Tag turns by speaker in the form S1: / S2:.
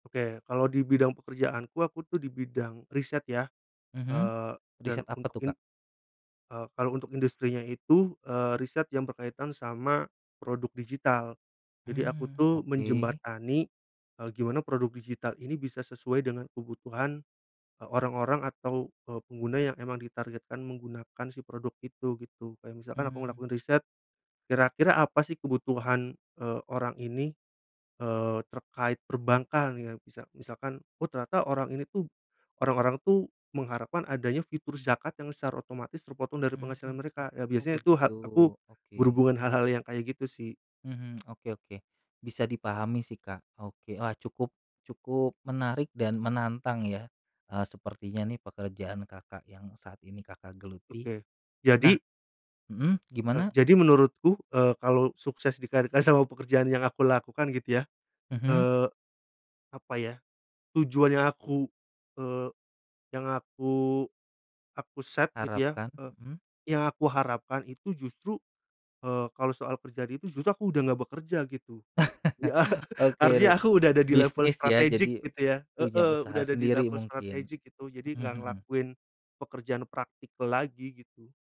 S1: Oke, kalau di bidang pekerjaanku, aku tuh di bidang riset ya.
S2: Mhm,
S1: Eee, dan
S2: riset
S1: un
S2: apa tuh,
S1: in
S2: Kak?
S1: eee, kalau untuk industrinya itu, eee, riset yang berkaitan sama produk digital. Jadi aku
S2: Mmm,
S1: tuh
S2: oke.
S1: menjembatani, eee, gimana produk digital ini bisa sesuai dengan kebutuhan, eee, orang-orang atau, eee, pengguna yang emang ditargetkan menggunakan si produk itu gitu. Kayak misalkan aku
S2: Mmm.
S1: melakukan riset, kira-kira apa sih kebutuhan, eee, orang ini, eee, terkait perbankan ya. Misa misalkan, oh ternyata orang ini tuh orang-orang tuh mengharapkan adanya fitur zakat yang secara otomatis terpotong dari
S2: Mmm.
S1: penghasilan mereka. Ya
S2: Oh
S1: biasanya itu ha
S2: begitu,
S1: aku
S2: oke.
S1: berhubungan hal-hal yang kayak gitu sih.
S2: Mhm, oke oke, bisa dipahami sih, Kak, oke. Ah, cukup cukup menarik dan menantang ya, eee, sepertinya nih pekerjaan Kakak yang saat ini Kakak geluti.
S1: Oke,
S2: Nah
S1: jadi
S2: mhm,
S1: Eee,
S2: gimana?
S1: jadi menurutku, eee, kalau sukses di karir eh, sama pekerjaan yang aku lakukan gitu ya.
S2: Mhm.
S1: Eee, apa ya, tujuan yang aku, eee, yang aku aku set gitu ya,
S2: Harapkan,
S1: eee,
S2: mhm.
S1: yang aku harapkan itu justru, eee, kalau soal kerjaan itu justru aku udah nggak bekerja gitu. Iya,
S2: Oke,
S1: artinya
S2: le
S1: aku udah ada di level
S2: bisnis ya
S1: strategic
S2: jadi
S1: gitu ya.
S2: punya
S1: Heeh, udah
S2: usaha
S1: ada di
S2: sendiri
S1: level
S2: mungkin,
S1: strategic gitu. Jadi
S2: mhm
S1: nggak
S2: mhm.
S1: ngelakuin pekerjaan practical lagi gitu.